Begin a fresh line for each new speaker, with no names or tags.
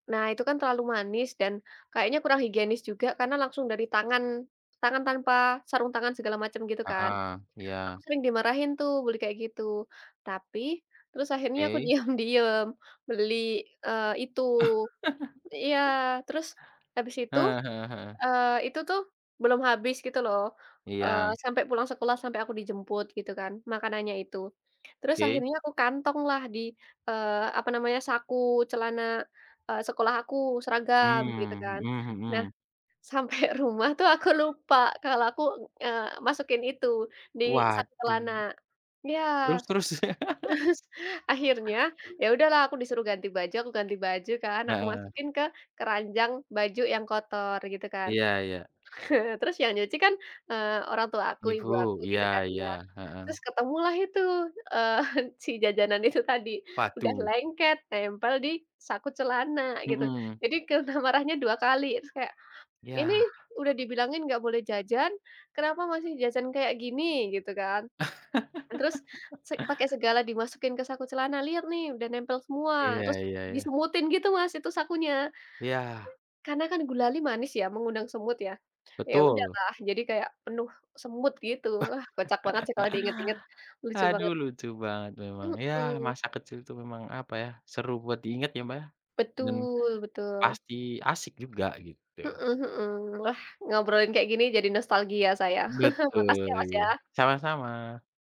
Nah itu kan terlalu manis dan, kayaknya kurang higienis juga karena langsung dari tangan, tangan tanpa sarung tangan segala macem gitu kan,
Heeh,
aku
iya.
sering dimarahin tuh beli kayak gitu tapi, terus akhirnya aku
Oke.
diam-diam beli, eee, itu. Iya terus, habis itu,
Heeh heeh heeh.
eee, itu tuh, belum habis gitu loh, eee,
Iya.
sampai pulang sekolah sampai aku dijemput gitu kan makanannya itu, terus
Oke.
akhirnya aku kantong lah di, eee, apa namanya saku celana, eee, sekolah aku seragam gitu
Mmm,
kan,
mhm
nah,
mhm.
sampai rumah tuh aku lupa kalau aku, eee, masukin itu di saku celana,
Waduh.
ya,
Terus terus.
terus akhirnya ya udahlah aku disuruh ganti baju aku ganti baju kan aku
Heeh.
masukin ke keranjang baju yang kotor gitu kan,
Iya iya.
heeh, terus yang nyuci kan, eee, orang tua aku
Ibu
ibu aku
iya
gitu kan
iya,
ya, terus
heeh.
ketemulah itu, eee, si jajanan itu tadi udah
Waduh.
lengket nempel di saku celana gitu
Mhm.
jadi kena marahnya 2 kali terus kayak,
Yah.
"Ini udah dibilangin nggak boleh jajan kenapa masih jajan kayak gini." gitu kan, "Terus se pakai segala dimasukin ke saku celana lihat nih udah nempel semua."
Iya
terus
iya iya.
disemutin gitu Mas itu sakunya,
Iya.
karena kan gulali manis ya mengundang semut ya, ya
Betul.
udahlah jadi kayak penuh semut gitu wah kocak banget sih kalau diingat-ingat, lucu
Haduh
banget.
lucu banget memang ya
Mmm.
masa kecil itu memang apa ya seru buat diingat ya Mbak ya, dan,
Betul betul.
pasti asyik juga gitu.
Heeh heeh, ah, ngobrolin kayak gini jadi nostalgia saya makasih
Betul
ya Mas ya.
iya sama-sama.